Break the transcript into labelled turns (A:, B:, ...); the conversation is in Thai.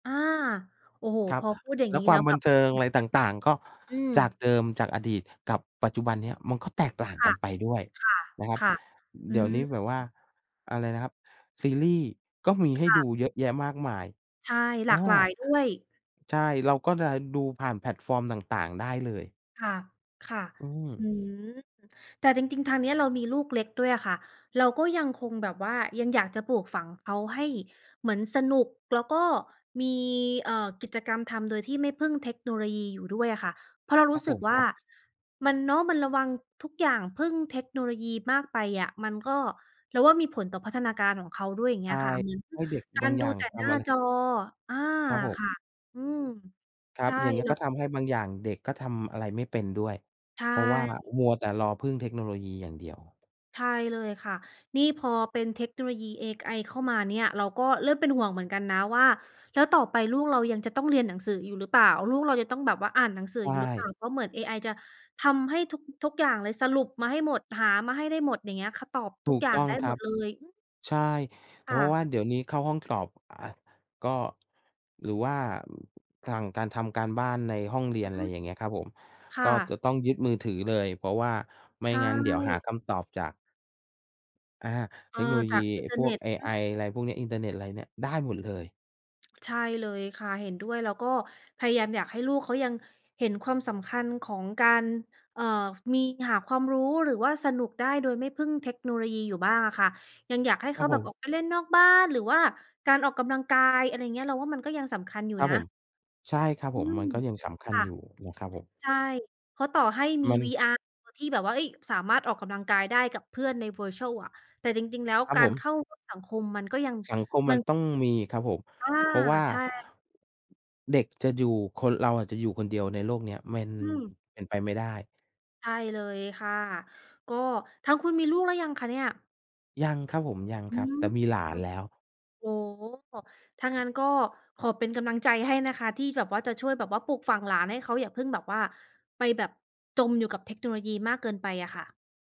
A: อา โอ้โฮ
B: ครั
A: พ
B: บ
A: อพูดอย่าง
B: แล้
A: น
B: ว
A: ี้
B: คว
A: แล
B: า
A: ้
B: ม
A: ว
B: บ
A: แบ
B: ัน
A: บ
B: เทิง
A: เห็
B: อ
A: น
B: ะไร
A: ช
B: ต
A: ัด
B: ่าง ๆ ก็
A: อืม
B: จากเดิม จากอดีตกับปัจจุบันนี้ มันก็แตกต่าง
A: ค
B: กั
A: ่ะ
B: นไปด้วย
A: ค่ะ
B: นะครับ
A: ค่ะ อ
B: เด
A: ื
B: ี๋ยวนี้
A: ม
B: แบบว่า อะไรนะครับ ซีรีส์ก็มีให
A: ค
B: ้
A: ่
B: ด
A: ะ
B: ูเยอะแยะมากมาย
A: ใช่ หล
B: อ
A: า
B: า
A: ก หลายด้วย
B: ใช่ เราก็จะได้ดูผ่านแพลตฟอร์มต่าง ๆ ได้เลย
A: ค่ะ ค่ะ
B: อื
A: อ
B: ม
A: ืม แต่จริง ๆ ทางนี้เรามีลูกเล็กด้วยอะค่ะ เราก็ยังคงแบบว่ายังอยากจะปลูกฝังเขาให้เหมือนสนุก แล้วก็มี เอ่อ กิจกรรมทำโดยที่ไม่พึ่งเทคโนโลยีอยู่ด้วยอะค่ะ เพราะเรา
B: ค
A: ร
B: ร
A: ู
B: ั
A: ้
B: บ
A: ส
B: ผ
A: ึก
B: ม
A: ว่
B: ค
A: า
B: รับ
A: มัน เนาะ มันระวัง ทุกอย่างพึ่งเทคโนโลยีมากไปอะ มันก็ เราว่า มีผลต่อพัฒนาการของเขาด้วย อย่าง
B: ใ
A: เ
B: ช
A: งี้
B: ่
A: ยค่ะ เหมือน
B: ให้เด็ก
A: กา
B: บา
A: ร
B: งอ
A: ด
B: ย
A: ู
B: ่าง
A: แต่
B: ท
A: หน้า
B: ำอะไร
A: จอ อา
B: ครับผม
A: ค่ะ อืม
B: คร
A: ใ
B: ั
A: ช
B: บ
A: ่
B: อย่างนี้
A: แล้
B: ก็
A: ว
B: ทำให้บางอย่างเด็กก็ทำอะไรไม่เป็นด้วย
A: ใช
B: เพราะว่า
A: ่
B: มัวแต่รอพึ่งเทคโนโลยีอย่างเดียว
A: ใช่เลยค่ะ นี่พอเป็นเทคโนโลยีเอไอเข้ามาเนี่ย เราก็เริ่มเป็นห่วงเหมือนกันนะว่าแล้วต่อไปลูกเรายังจะต้องเรียนหนังสืออยู่หรือเปล่า ลูกเราจะต้องแบบว่าอ่านหนังสือ
B: ใช
A: อยู่หรือเปล่
B: ่
A: า เพราะเหมือนเอไอจะทำให้ทุก ๆ อย่างเลยสรุปมาให้หมด หามาให้ได้หมด อย่างเงี้ย เขาตอบ ท
B: ถ
A: ุ
B: ู
A: ก
B: ก
A: อย่า
B: ต
A: ง
B: ้อง
A: ได้
B: ค
A: ห
B: ร
A: ม
B: ั
A: ด
B: บ
A: เลย อืม
B: ใช่ แล
A: ค
B: ้ว
A: ่
B: เพร
A: ะ
B: าะว่า เดี๋ยวนี้เข้าห้องสอบ อ่า ก็ หรือว่า สั่งการ ทำการบ้านในห้องเรีย
A: อ
B: น
A: ื
B: อะไร
A: อ
B: อย่างเงี้ยครับผม
A: ค
B: ก
A: ่
B: ็จะ
A: ะ
B: ต้องยึดมือถือเลย เพราะว่าไม
A: ใ
B: ่
A: ช
B: งั้นเดี๋ยวหา
A: ่
B: คำตอบจาก อา
A: เอ
B: เท
A: อ
B: คโนโล
A: จ
B: ยี
A: ากอิ
B: ไ
A: น
B: อ
A: เ
B: ้
A: ทอร
B: พ
A: ์เ
B: ว
A: น
B: ก
A: ็ต
B: เอ
A: อื
B: ไอ
A: ม
B: อะไรพวกนี้ อินเทอร์เน็ตอะไรเนี่ยได้หมดเลย
A: ใช่เลยค่ะ เห็นด้วย แล้วก็พยายามอยากให้ลูกเขายังเห็นความสำคัญของการ เอ่อ มีหาความรู้ หรือว่าสนุกได้ โดยไม่พึ่งเทคโนโลยีอยู่บ้างอะค่ะ ยังอยากให้
B: คร
A: เข
B: ับ
A: า
B: ผ
A: แบบอ
B: ม
A: อกไปเล่นนอกบ้าน หรือว่าการออกกำลังกาย อะไรอย่างเงี้ย เราว่ามันก็ยังสำคัญอยู่
B: ครับ
A: นะ
B: ผม ใช่ครับ
A: อ
B: ผ
A: ื
B: ม
A: ม
B: มันก็ยังสำคั
A: ค
B: ญ
A: ่ะ
B: อยู่นะครับผม
A: ใช่ เขา ต่อให้มี
B: มัน
A: VR ที่แบบว่า เฮ้ย สามารถออกกำลังกายได้กับเพื่อนใน Virtual อะ แต่จริง ๆ แล้ว
B: ครับ
A: กา
B: ผ
A: รเ
B: ม
A: ข้าสังคมมันก็ยัง
B: สังคม
A: ม
B: ม
A: ั
B: ั
A: น
B: นต
A: ส
B: ้อ
A: ำ
B: งมีครับผม
A: อา
B: เพราะว่า...
A: ใช่
B: เด็กจะอยู่ คนเราอาจจะอยู่คนเดียวในโลกนี้ มัน
A: อืม
B: เป็นไปไม่ได้
A: ใช่เลยค่ะ ก็ทางคุณมีลูกหรือยังคะเนี่ย?
B: ยังครับผม ยัง
A: อื
B: ครับ
A: ม
B: แต่มีหลานแล้ว
A: โอ้โฮ ถ้างั้นก็ขอเป็นกำลังใจให้นะคะ ที่แบบว่าจะช่วยแบบว่าปลูกฝังหลานให้เขาอย่าเพิ่งแบบว่า ไปแบบจมอยู่กับเทคโนโลยีมากเกินไปอะค่ะ